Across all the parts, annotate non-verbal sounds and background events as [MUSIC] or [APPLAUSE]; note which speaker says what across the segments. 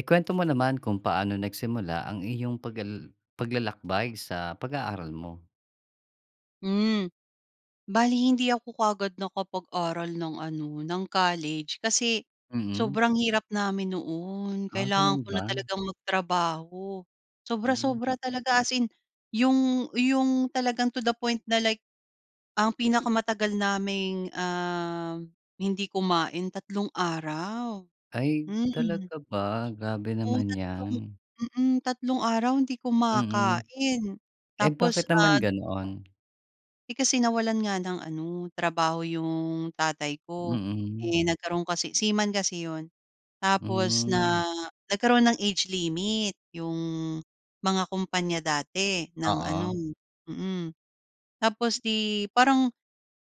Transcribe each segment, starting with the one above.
Speaker 1: Ikuwento mo naman kung paano nagsimula ang iyong paglal paglalakbay sa pag-aaral mo.
Speaker 2: Hmm. Bale hindi ako ka'gad nakapag-aral ng, ano, ng college kasi
Speaker 1: Mhm.
Speaker 2: sobrang hirap namin noon.
Speaker 1: Ah,
Speaker 2: Kailangan
Speaker 1: gano'n
Speaker 2: ko na
Speaker 1: ba?
Speaker 2: talagang magtrabaho,
Speaker 1: Hmm.
Speaker 2: sobra-sobra talaga, as in, yung yung talagang to the point na, like, ang pinakamatagal naming, ah, hindi kumain, tatlong araw.
Speaker 1: Ay,
Speaker 2: Hmm.
Speaker 1: talaga ba? Grabe
Speaker 2: Oo,
Speaker 1: naman
Speaker 2: tatlong,
Speaker 1: ‘yan.
Speaker 2: mm, tatlong araw hindi
Speaker 1: Mm,
Speaker 2: kumakain.
Speaker 1: eh,
Speaker 2: Tapos,
Speaker 1: bakit naman
Speaker 2: ah
Speaker 1: ganoon?
Speaker 2: eh, kasi nawalan nga ng ano, trabaho yung tatay ko.
Speaker 1: Mm.
Speaker 2: Eh, nagkaroon kasi seaman kasi ‘yon, tapos
Speaker 1: Hmm.
Speaker 2: na nagkaroon ng age limit yung mga kumpanya dati ng ano,
Speaker 1: Oo.
Speaker 2: mm. Tapos, ‘di, parang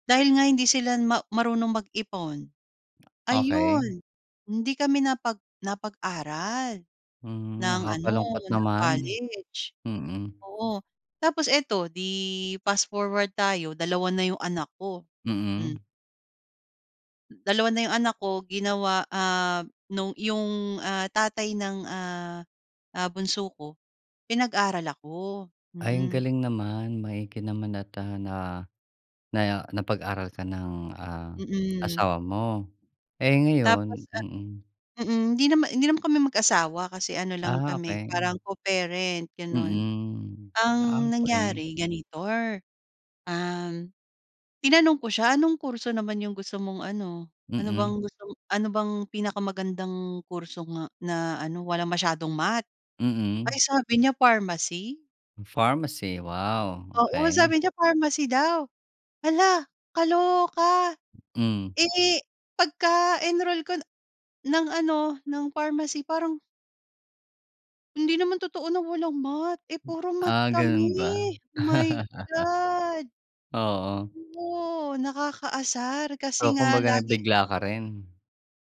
Speaker 2: dahil nga hindi sila ma marunong mag-ipon,
Speaker 1: Okey.
Speaker 2: ayun, hindi kami napag napag-aral
Speaker 1: Mm,
Speaker 2: ng ano,
Speaker 1: nakakalungkot
Speaker 2: ng
Speaker 1: naman.
Speaker 2: college.
Speaker 1: Mm.
Speaker 2: Oo, tapos eto, ‘di, fast forward tayo, 2 na yung anak ko. Hmm.
Speaker 1: Mm.
Speaker 2: Dalawa na yung anak ko, ginawa, ah, nung 'yong, ah, tatay ng, ah, ah, bunso ko, pinag-aral ako,
Speaker 1: Ay, ang
Speaker 2: mm.
Speaker 1: galing naman, maigi naman, at, ah, naya na napag-aral ka ng, ah,
Speaker 2: Mm.
Speaker 1: asawa mo. Eh, ngayon
Speaker 2: Tapos, ah
Speaker 1: mm.
Speaker 2: mm. Hindi nama hindi naman kami mag-asawa kasi ano lang
Speaker 1: Ah,
Speaker 2: kami
Speaker 1: okey.
Speaker 2: parang co-parent, gano'n.
Speaker 1: Mm.
Speaker 2: Ang
Speaker 1: Ah, okey.
Speaker 2: nangyari, ganito, um, tinanong ko siya, "Anong kurso naman 'yong gusto mong ano?" Ano
Speaker 1: Mm.
Speaker 2: bang gustom ano bang pinakamagandang kurso nga, na ano, walang masyadong math. Ay,
Speaker 1: Mm.
Speaker 2: sabi niya pharmacy?
Speaker 1: Pharmacy. Wow,
Speaker 2: Oo,
Speaker 1: okey.
Speaker 2: sabi niya pharmacy daw. Hala! Kaloka.
Speaker 1: Mm.
Speaker 2: Eh, pagka-enroll ko na ng ano, ng pharmacy parang Hindi naman totoo na walang math. Eh, puro math
Speaker 1: Ah,
Speaker 2: kami.
Speaker 1: gano'n ba?
Speaker 2: My
Speaker 1: [CHUCKLES]
Speaker 2: God!
Speaker 1: Oo.
Speaker 2: Oo, nakakaasar kasi
Speaker 1: O,
Speaker 2: nga
Speaker 1: kumbaga
Speaker 2: laging
Speaker 1: nabigla ka rin.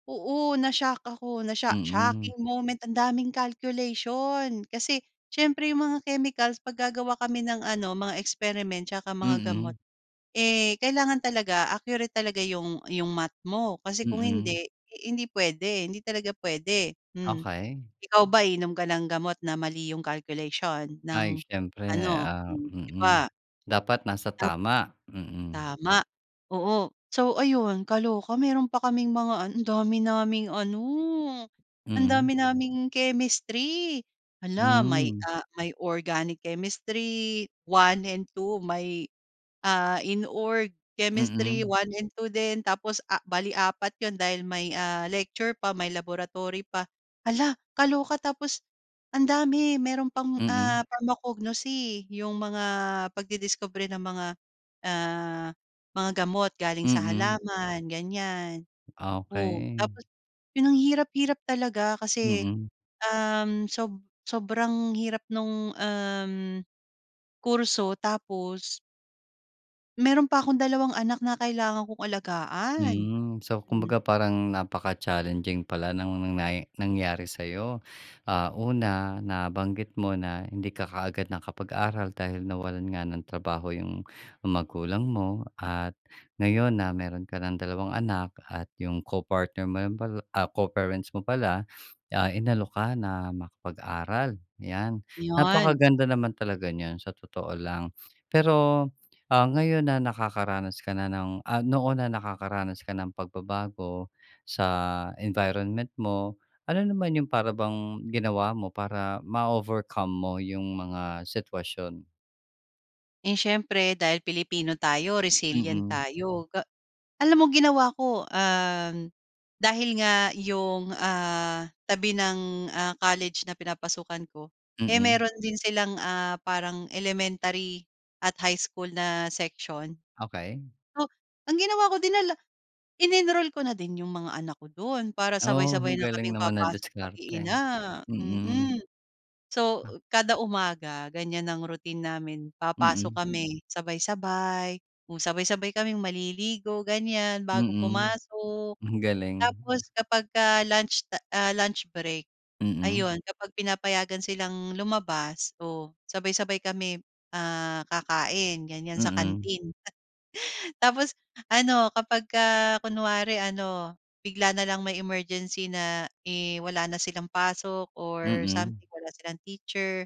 Speaker 2: Oo, na-shock ako, na-sho
Speaker 1: Mm.
Speaker 2: shocking moment. Ang daming calculation kasi siyempre yung mga chemicals, ‘pag gagawa kami ng ano, mga experiment 'tsaka mga gamot,
Speaker 1: Mhm.
Speaker 2: eh, kailangan talaga accurate talaga yung yung Math mo. Kasi kung
Speaker 1: Mm.
Speaker 2: hindi, hindi puwede, hindi talaga puwede. Mm.
Speaker 1: Okey.
Speaker 2: Ikaw ba, iinom ka ng gamot na mali yung calculation ng
Speaker 1: Ay, siyempre,
Speaker 2: ano,
Speaker 1: ah,
Speaker 2: hmm, ‘di
Speaker 1: mm.
Speaker 2: ba?
Speaker 1: Dapat nasa
Speaker 2: Tap
Speaker 1: tama. Mm.
Speaker 2: Tama, oo. So, ayun, kaloka. Meron pa kaming mga andami naming ano,
Speaker 1: Mhm.
Speaker 2: andami naming Chemistry. Hala, may,
Speaker 1: Hmm.
Speaker 2: ah, may Organic Chemistry 1 and 2, may, ah, Inorg Chemistry
Speaker 1: Mm.
Speaker 2: 1 and 2, din, tapos, ah, bale 4 ‘yon dahil may, ah, lecture pa, may laboratory pa. Hala, kaloka. Tapos andami, mayroon pang, ah,
Speaker 1: Mm.
Speaker 2: Pharmacognosy, yung mga pagdidiskubre ng mga, ah, mga gamot galing sa
Speaker 1: Mm.
Speaker 2: halaman, ganiyan, oh.
Speaker 1: Okey.
Speaker 2: Tapos, ‘yon ang hirap-hirap talaga kasi,
Speaker 1: Mm.
Speaker 2: um, sob sobrang hirap nung, um, kurso tapos Mayro'n pa akong dalawang anak na kailangan kong alagaan.
Speaker 1: Hmm. So,
Speaker 2: Hmm.
Speaker 1: kumbaga parang napaka-challenging pala ng nang nay nangyari sa'yo. Ah, una nabanggit mo na hindi ka kaagad nakapag-aral dahil nawalan nga ng trabaho yung magulang mo. At ngayon na mayro'n ka ng dalawang anak, at 'yong co-partner mo lang pala, ah, co-parents mo pala, ah, inalok ka na makapag-aral, yan.
Speaker 2: Yon.
Speaker 1: Napakaganda naman talaga niyan, sa totoo lang. Pero, ah, ngayon na nakakaranas ka na ng, ah, noon na nakakaranas ka ng pagbabago sa environment mo. Ano naman yong para bang ginawa mo para ma-overcome mo yung mga sitwasyon?
Speaker 2: Eh, siyempre dahil Pilipino tayo, resilient
Speaker 1: Mm.
Speaker 2: tayo. Ga alam mo ginawa ko, um, dahil nga yung, ah, tabi ng, ah, college na pinapasukan ko, eh,
Speaker 1: Mm.
Speaker 2: meron din silang, ah, parang elementary at high school na section.
Speaker 1: Okey.
Speaker 2: So, ang ginawa ko dinala in-enroll ko na din yong mga anak ko do'n, para
Speaker 1: Oh,
Speaker 2: sabay-sabay
Speaker 1: ang
Speaker 2: na kaming
Speaker 1: galing naman ng
Speaker 2: papasok
Speaker 1: diskarte.
Speaker 2: mag-iina,
Speaker 1: Mm.
Speaker 2: mm. So, kada umaga ganiyan ang routine namin, papasok
Speaker 1: Mm.
Speaker 2: kami sabay-sabay. Kung sabay-sabay kaming maliligo, ganiyan, bago
Speaker 1: Mm.
Speaker 2: pumasok.
Speaker 1: Ang galing,
Speaker 2: Tapos,
Speaker 1: ah.
Speaker 2: 'kapagka lunch ta ah, lunch break
Speaker 1: Mm.
Speaker 2: ayun kapag pinapayagan silang lumabas o sabay-sabay kami, ah, kakain ganiyan sa
Speaker 1: Mm.
Speaker 2: canteen. [CHUCKLES] Tapos ano, 'kapagka kunwari ano, bigla na lang may emergency na, eh, wala na silang pasok or
Speaker 1: Mm.
Speaker 2: something, wala silang teacher,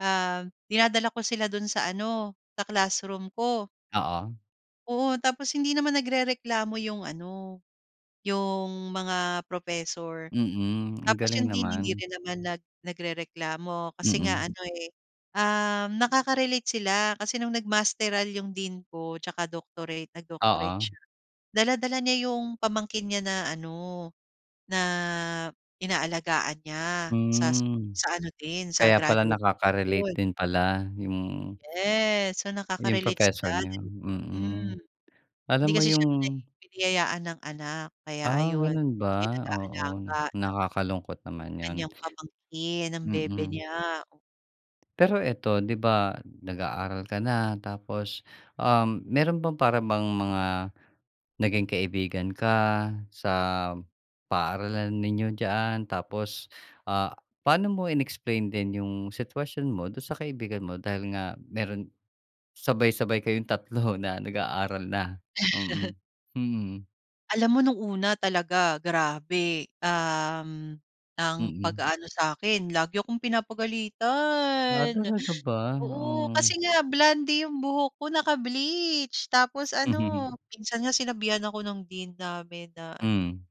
Speaker 2: um, dinadala ko sila do'n sa ano, sa classroom ko.
Speaker 1: Oo.
Speaker 2: Oo, tapos hindi naman nagrereklamo yung ano, yung mga professor.
Speaker 1: Mm, ang
Speaker 2: Tapos
Speaker 1: galing
Speaker 2: yung dean, hindi
Speaker 1: naman.
Speaker 2: rin naman nag nagrereklamo kasi nga,
Speaker 1: Mm.
Speaker 2: ano eh, um, nakaka-relate sila. Kasi no’ng nag-masteral yung dean ko tsaka doctorate, nag-doctorate
Speaker 1: Oo.
Speaker 2: siya, dala-dala niya yung pamangkin niya na ano, na inaalagaan niya sa s
Speaker 1: Hmm.
Speaker 2: sa ano din, sa
Speaker 1: Kaya pala
Speaker 2: graduate
Speaker 1: nakaka-relate
Speaker 2: school.
Speaker 1: din pala yung
Speaker 2: Yes. So,
Speaker 1: yung
Speaker 2: nakaka-relate sila,
Speaker 1: professor
Speaker 2: then
Speaker 1: niyo,
Speaker 2: hmm.
Speaker 1: mm. Alam
Speaker 2: Hindi
Speaker 1: mo
Speaker 2: kasi
Speaker 1: yung
Speaker 2: siya binay biniyayaan ng anak, kaya
Speaker 1: Ah,
Speaker 2: ayun,
Speaker 1: ganun
Speaker 2: siya yun
Speaker 1: ba? Oo,
Speaker 2: nag-aalaga ng
Speaker 1: nakakalungkot naman yun.
Speaker 2: kanyang pamangkin, ang bebe
Speaker 1: Mm.
Speaker 2: niya, o
Speaker 1: Pero eto, ‘di ba, nag-aaral ka na, tapos, um, meron bang para bang mga naging kaibigan ka sa paaralan ninyo diyaan? Tapos, ah, paano mo in-explain din yung sitwasyon mo doon sa kaibigan mo, dahil nga meron sabay-sabay kayong 3 na nag-aaral na, mm.
Speaker 2: [CHUCKLES]
Speaker 1: Mm.
Speaker 2: Alam mo no'ng una talaga grabe. Um, ang
Speaker 1: Mm.
Speaker 2: pag-aano sa'kin lagi akong
Speaker 1: Ah,
Speaker 2: pinapagalitan.
Speaker 1: talaga ba?
Speaker 2: Oo kasi
Speaker 1: Oo.
Speaker 2: nga blonde yung buhok ko naka-bleach, tapos
Speaker 1: Mhm.
Speaker 2: ano minsan nga sinabihan ako ng Dean namin na ano
Speaker 1: Mm.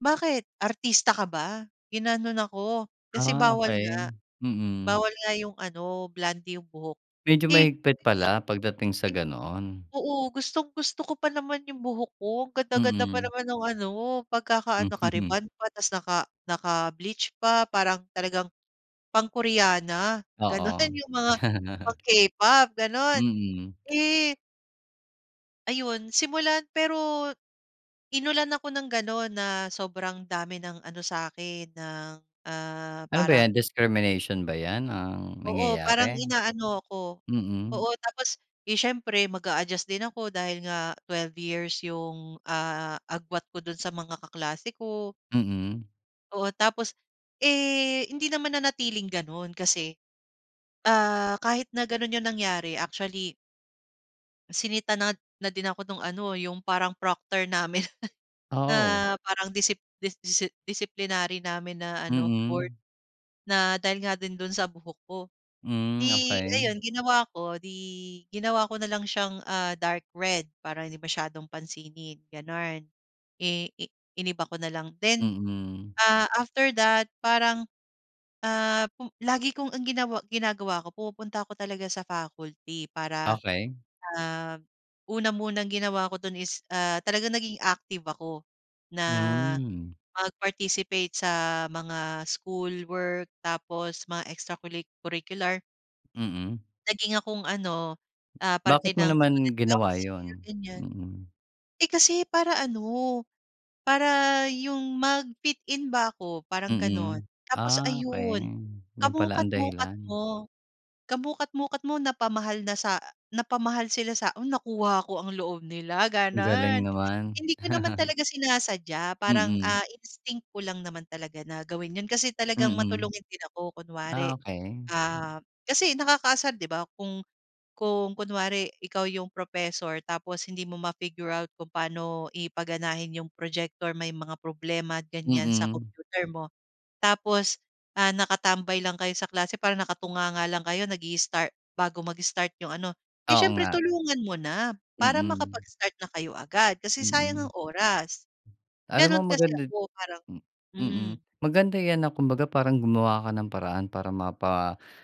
Speaker 2: "Bakit? Artista ka ba?" ginanon ako. Kasi
Speaker 1: Ah,
Speaker 2: bawal
Speaker 1: okey.
Speaker 2: nga,
Speaker 1: Mm.
Speaker 2: bawal nga yung ano, blonde yung buhok.
Speaker 1: Medyo
Speaker 2: Eh,
Speaker 1: mahigpit
Speaker 2: [UNINTELLIGIBLE] sabi ko sa
Speaker 1: pala
Speaker 2: kanya,
Speaker 1: pagdating sa
Speaker 2: eh,
Speaker 1: ganoon.
Speaker 2: oo gustong-gusto ko pa naman yung buhok ko ang ganda-ganda pa
Speaker 1: Mm.
Speaker 2: naman ng ano, pagkaka-ano,
Speaker 1: [CHUCKLES]
Speaker 2: naka-rebond pa tapos naka naka-bleach pa parang talagang, pang-koreana, gano'n
Speaker 1: Oo.
Speaker 2: [CHUCKLES] yung mga,
Speaker 1: [CHUCKLES]
Speaker 2: pang-K-pop gano'n.
Speaker 1: Mm.
Speaker 2: Eh Ayun simula pero inulan ako ng gano'n na sobrang dami ng ano sa'kin ng, ah,
Speaker 1: Ano ba 'yan?
Speaker 2: parang
Speaker 1: Discrimination ba 'yan ang
Speaker 2: Oo, parang
Speaker 1: nangyayari?
Speaker 2: inaano ako.
Speaker 1: Mm.
Speaker 2: Oo, tapos 'di siyempre mag-aadjust din ako dahil nga 12 yung, ah, agwat ko do'n sa mga kaklase ko.
Speaker 1: Mm.
Speaker 2: Oo tapos eh, hindi naman nanatiling gano'n kasi, ah, kahit na ganun 'yun nangyari actually Sinita na, na 'din ako nung ano 'yung parang Proctor namin, [CHUCKLES] na
Speaker 1: Oo.
Speaker 2: parang disip disi disiplinary namin na ano board.
Speaker 1: Mm.
Speaker 2: Na dahil nga 'din dun sa buhok ko.
Speaker 1: Hmm,
Speaker 2: 'Di
Speaker 1: okey.
Speaker 2: ayun ginawa ko 'di, ginawa ko na lang siyang, ah, dark red para hindi masyadong pansinin, gano'n. Eh, i iniba ko na lang then,
Speaker 1: Mm.
Speaker 2: Ah, after that parang, ah, pum lagi kong ang ginawa ginagawa ko pumupunta ko talaga sa faculty para,
Speaker 1: Okey.
Speaker 2: ah, una munang ginawa ko dun is, ah, talagang naging active ako na
Speaker 1: Mm.
Speaker 2: mag-participate sa, mga schoolwork tapos mga extra culi curricular.
Speaker 1: Mm.
Speaker 2: Naging akong ano, ah,
Speaker 1: Bakit
Speaker 2: parte
Speaker 1: mo
Speaker 2: ng
Speaker 1: naman
Speaker 2: student
Speaker 1: ginawa 'yun?
Speaker 2: council ganyan.
Speaker 1: Mm.
Speaker 2: Eh, kasi para ano, para 'yong magfit-in ba ako parang gano'n.
Speaker 1: Mm.
Speaker 2: Tapos
Speaker 1: Ah, okey
Speaker 2: ayun,
Speaker 1: 'yun pala ang
Speaker 2: kamukat-mukat
Speaker 1: dahilan.
Speaker 2: mo, kamukat-mukat mo napamahal na sa, napamahal sila sa o nakuha ko ang loob nila,
Speaker 1: Ang galing
Speaker 2: gano'n.
Speaker 1: naman.
Speaker 2: Hindi ko naman
Speaker 1: [CHUCKLES]
Speaker 2: talaga sinasadya parang,
Speaker 1: Mm.
Speaker 2: ah, instinct ko lang naman talaga na gawin 'yon kasi talagang
Speaker 1: Mm.
Speaker 2: matulungin din ako, kunwari.
Speaker 1: Ah, okey. Hmm.
Speaker 2: Ah, kasi nakakaasar 'di ba, kung kung kunwari ikaw 'yong professor tapos hindi mo ma-figure out kung paano i paganahin 'yong projector, may mga problema ganyan sa
Speaker 1: Mm.
Speaker 2: computer mo, tapos, ah, nakatambay lang kayo sa klase parang nakatunganga lang kayo nag-i-start bago mag-start 'yong ano. Eh,
Speaker 1: Oo
Speaker 2: siyempre
Speaker 1: nga.
Speaker 2: tulungan mo na para
Speaker 1: Mm.
Speaker 2: makapag-start na kayo agad, kasi sayang
Speaker 1: Mm.
Speaker 2: ang oras.
Speaker 1: Alam mo
Speaker 2: Gano'n kasi
Speaker 1: maganda
Speaker 2: ako parang
Speaker 1: hmm. Mm.
Speaker 2: mm.
Speaker 1: Maganda 'yan na kumbaga parang gumawa ka ng paraan para, mapalapit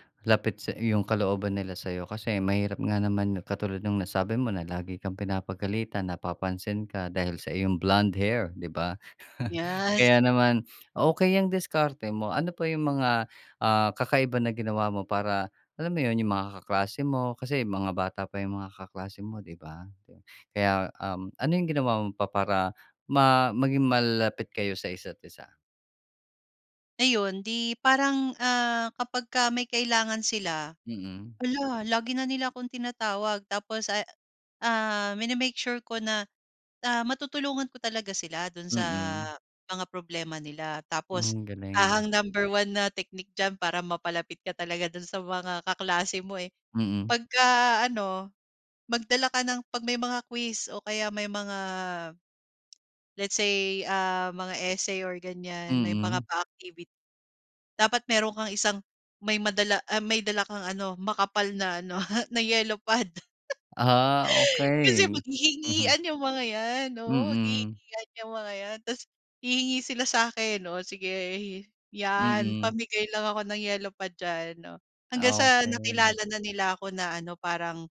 Speaker 1: sa 'yung kalooban nila sa 'yo, kasi mahirap nga naman katulad nung nasabi mo, na lagi kang pinapagalitan, napapansin ka, dahil sa iyong blonde hair, 'di ba? [CHUCKLES]
Speaker 2: Yes.
Speaker 1: Kaya naman okey, 'yang diskarte mo, ano pa 'yung mga, ah, kakaiba na ginawa mo para, alam mo 'yun 'yung mga kaklase mo, kasi mga bata pa 'yung mga kaklase mo 'di ba? Kaya um, ano 'yung ginawa mo pa para, ma maging malapit kayo sa isa't-isa?
Speaker 2: Ayun, 'di parang, ah, 'kapagka may kailangan sila,
Speaker 1: Mm.
Speaker 2: hala, lagi na nila akong tinatawag. Tapos, ah, ah, mini-make sure ko na, ah, matutulungan ko talaga sila do'n sa
Speaker 1: Mm.
Speaker 2: mga problema nila. Tapos,
Speaker 1: Hmm,
Speaker 2: ah,
Speaker 1: galing.
Speaker 2: ang number one na technique diyan para mapalapit ka talaga do'n sa mga kaklase mo, eh.
Speaker 1: Mm.
Speaker 2: Pagka-ano, magdala ka ng 'pag may mga quiz o kaya may mga let's say, ah, mga essay, or ganyan may mga
Speaker 1: Mm.
Speaker 2: pa-activity. Dapat meron kang isang may madala, ah, may dala kang ano makapal na ano, [CHUCKLES] na yellow pad.
Speaker 1: Ah,
Speaker 2: [CHUCKLES] Kasi,
Speaker 1: okey. Mhm.
Speaker 2: maghihingian yung mga 'yan. Oo,
Speaker 1: Mm.
Speaker 2: maghihingian 'yang mga yan. Tapos, hihingi sila sa'kin. O sige 'yan
Speaker 1: Mm.
Speaker 2: pamigay lang ako ng yellow pad diyan. O, hanggang sa
Speaker 1: Okey.
Speaker 2: nakilala na nila ako na ano parang,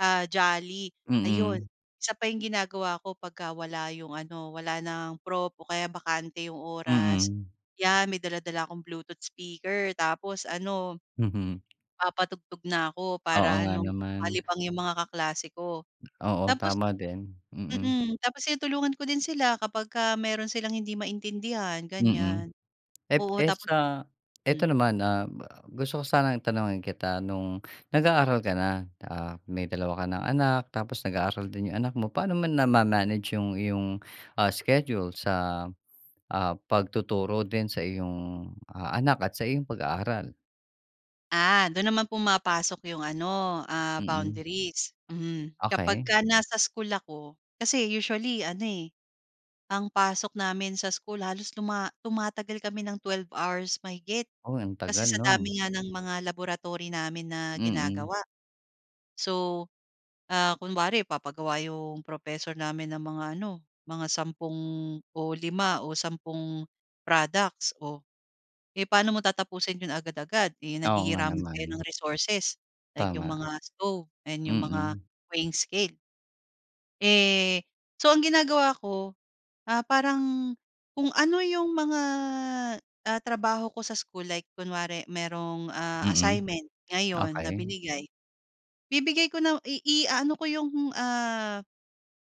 Speaker 2: ah, jolly. Ayun,
Speaker 1: Mm.
Speaker 2: isa pa yung ginagawa ko 'pagka wala yung ano, walang prof o kaya bakante yung oras,
Speaker 1: Mm.
Speaker 2: 'yan may dala-dala akong Bluetooth speaker, tapos ano
Speaker 1: Mhm.
Speaker 2: papatugtog na ako
Speaker 1: Oo
Speaker 2: para
Speaker 1: nga
Speaker 2: ano
Speaker 1: naman.
Speaker 2: malibang yung mga kaklase ko.
Speaker 1: Oo
Speaker 2: Tapos,
Speaker 1: tama din. Mm.
Speaker 2: mm, tapos tinutulungan ko din sila 'kapagka mayro'n silang hindi maintindihan,
Speaker 1: Mm.
Speaker 2: ganyan.
Speaker 1: Eh,
Speaker 2: Oo,
Speaker 1: eh,
Speaker 2: tap
Speaker 1: sa eto
Speaker 2: hmm.
Speaker 1: naman, ah, gusto ko sanang tanungin kita. No'ng nag-aaral ka na, ah, may dalawa ka ng anak, tapos, nag-aaral din yung anak mo. Paano naman nama-manage yung iyong, ah, schedule sa, ah, pagtuturo din sa iyong, ah, anak at sa iyong pag-aaral?
Speaker 2: Ah, doon naman pumapasok yung, ano, ah,
Speaker 1: Mm.
Speaker 2: boundaries. Mhm.
Speaker 1: Okey.
Speaker 2: Kapagka nasa school ako, kasi usually, ano eh, ang pasok namin sa school, halos tuma tumatagal kami ng 12 hours mahigit,
Speaker 1: Oh, ang
Speaker 2: kasi
Speaker 1: tagal
Speaker 2: sa
Speaker 1: no'n.
Speaker 2: dami nga ng mga laboratory namin na
Speaker 1: Mm.
Speaker 2: ginagawa. So, ah, kunwari, magpapagawa yung professor namin ng mga ano, mga 10 o 5 o 10 products, oh, eh, pa'no mo tatapusin ‘yon agad-agad, eh,
Speaker 1: Oo nga
Speaker 2: naghihiraman kayo
Speaker 1: naman.
Speaker 2: ng resources, like yung
Speaker 1: Tama.
Speaker 2: mga stove and yung mga
Speaker 1: Mm.
Speaker 2: weighing scale. Eh, so, ang ginagawa ko, ah, parang kung ano yung mga, ah, trabaho ko sa school, like kunwari mayroong, ah,
Speaker 1: Mm,
Speaker 2: assignment ngayon na
Speaker 1: okey.
Speaker 2: binigay, bibigay ko na iaano ko yung, ah,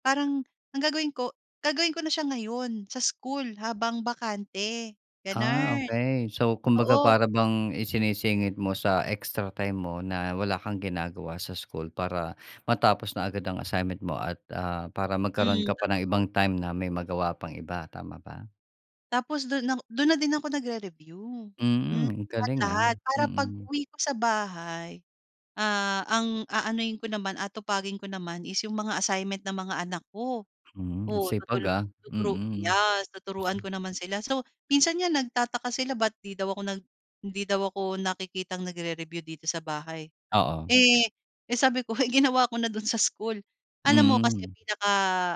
Speaker 2: parang ang gagawin ko, gagawin ko na siya ngayon sa school habang bakante,
Speaker 1: Ah,
Speaker 2: gano’n.
Speaker 1: okey. So, kumbaga,
Speaker 2: Oo.
Speaker 1: para bang isinisingit mo sa extra time mo na wala kang ginagawa sa school para matapos na agad ang assignment mo, at, ah, para magkaroon
Speaker 2: Mm,
Speaker 1: ka pa ng
Speaker 2: totoo.
Speaker 1: ibang time na may magawa pang iba, tama ba?
Speaker 2: Tapos, doon na 'ko doon na din ako nagre-review, hmm,
Speaker 1: Mm, galing, ah.
Speaker 2: lahat-lahat, para
Speaker 1: Mm.
Speaker 2: pag-uwi ko sa bahay, ah, ang aanuhin ko naman, aatupagin ko naman is yung mga assignment ng mga anak ko.
Speaker 1: Hmm, ang
Speaker 2: Oo,
Speaker 1: sipag,
Speaker 2: tutulu
Speaker 1: ah.
Speaker 2: tuturu
Speaker 1: Mm.
Speaker 2: yes, tuturuan
Speaker 1: [SNORTS]
Speaker 2: ko naman sila. So, minsan nga nagtataka sila ba’t 'di daw ako nag hindi daw ako nakikitang nagre-review dito sa bahay.
Speaker 1: Oo.
Speaker 2: Eh, eh sabi ko, ginawa ko na doon sa school. Alam mo kasi,
Speaker 1: Mm.
Speaker 2: pinaka,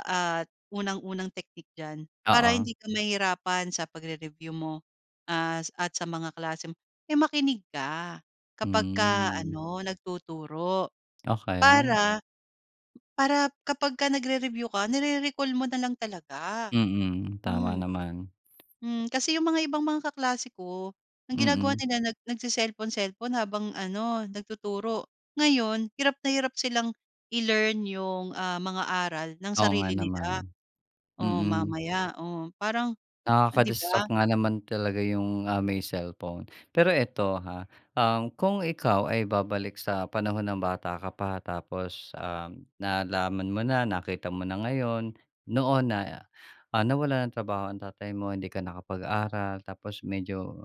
Speaker 2: ah, unang-unang technique diyan, para
Speaker 1: Oo.
Speaker 2: hindi ka mahirapan sa pagre-review mo, ah, at sa mga klase mo, eh makinig ka kapagka
Speaker 1: Hmm.
Speaker 2: ano, nagtuturo
Speaker 1: Okey.
Speaker 2: para para kapagka nagre-review ka, nire-recall mo nalang talaga.
Speaker 1: Mm, tama
Speaker 2: Hmm.
Speaker 1: naman.
Speaker 2: Hmm, kasi yung mga ibang mga kaklase ko, ang ginagawa
Speaker 1: Mm.
Speaker 2: nila, nag nagce-cellphone-cellphone habang ano, nagtuturo. Ngayon, hirap na hirap silang i-learn yung, ah, mga aral nang
Speaker 1: Oo nga
Speaker 2: sarili nila.
Speaker 1: naman.
Speaker 2: O,
Speaker 1: Mm.
Speaker 2: mamaya, oh, parang oh, ‘di ba?
Speaker 1: Nakaka-distract nga naman talaga yung, ah, may cellphone. Pero eto ha, um, kung ikaw ay babalik sa panahon na bata ka pa, tapos, um, nalaman mo na, nakita mo na ngayon, noon na, ah, nawalan ng trabaho ang tatay mo, hindi ka nakapag-aral, tapos medyo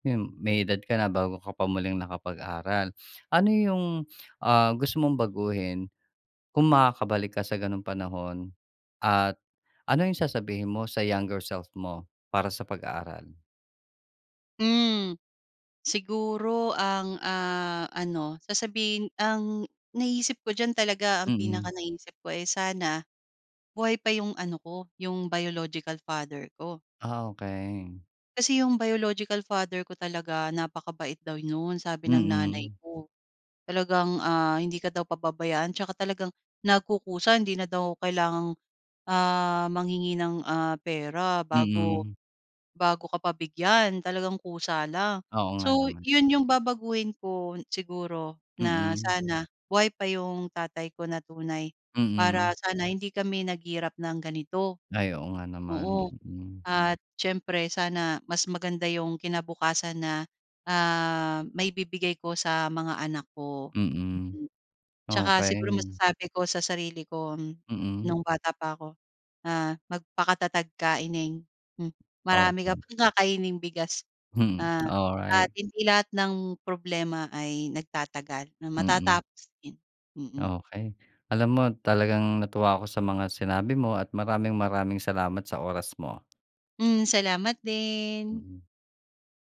Speaker 1: yun, may edad ka na bago ka pa muling nakapag-aral. Ano yung, ah, gusto mong baguhin kung makakabalik ka sa gano'ng panahon, at ano yung sasabihin mo sa younger self mo para sa pag-aaral?
Speaker 2: Mm. Siguro ang, ah, ano, sasabihin ang naisip ko diyan talaga, ang
Speaker 1: Mm.
Speaker 2: pinakanaiisip ko, eh, sana buhay pa yung ano ko, yung biological father ko.
Speaker 1: Ah, okey.
Speaker 2: Kasi yung biological father ko talaga, napakabait daw no'n, sabi ng nanay
Speaker 1: Mm.
Speaker 2: ko. Talagang, ah, hindi ka daw pababayaan tsaka talagang, nagkukusa hindi na daw kailangang, ah, manghingi ng, ah, pera bago
Speaker 1: Mm.
Speaker 2: bago ka pa bigyan, talagang kusa lang.
Speaker 1: Oo nga
Speaker 2: So,
Speaker 1: naman.
Speaker 2: 'yon yung babaguhin ko, siguro na
Speaker 1: Mm.
Speaker 2: sana buhay pa yung tatay ko na tunay, para
Speaker 1: Mm.
Speaker 2: sana hindi kami naghirap ng ganito.
Speaker 1: Ay, oo nga naman.
Speaker 2: Oo,
Speaker 1: Mm.
Speaker 2: at siyempre, sana mas maganda yung kinabukasan na, ah, maibibigay ko sa mga anak ko.
Speaker 1: Mm,
Speaker 2: Mm, tsaka siguro
Speaker 1: okey.
Speaker 2: masasabi ko sa sarili ko,
Speaker 1: Mm.
Speaker 2: nung bata pa ako, ah, "Magpakatatag ka ineng, hmm, marami ka
Speaker 1: Okey.
Speaker 2: pang kakaining bigas,
Speaker 1: Hmm,
Speaker 2: ah, at
Speaker 1: alright.
Speaker 2: hindi lahat ng problema ay nagtatagal, na
Speaker 1: Mm.
Speaker 2: matatapos din", mm.
Speaker 1: Okey, alam mo, talagang natuwa ako sa mga sinabi mo at maraming-maraming salamat sa oras mo.
Speaker 2: Hmm, salamat din.
Speaker 1: Mm.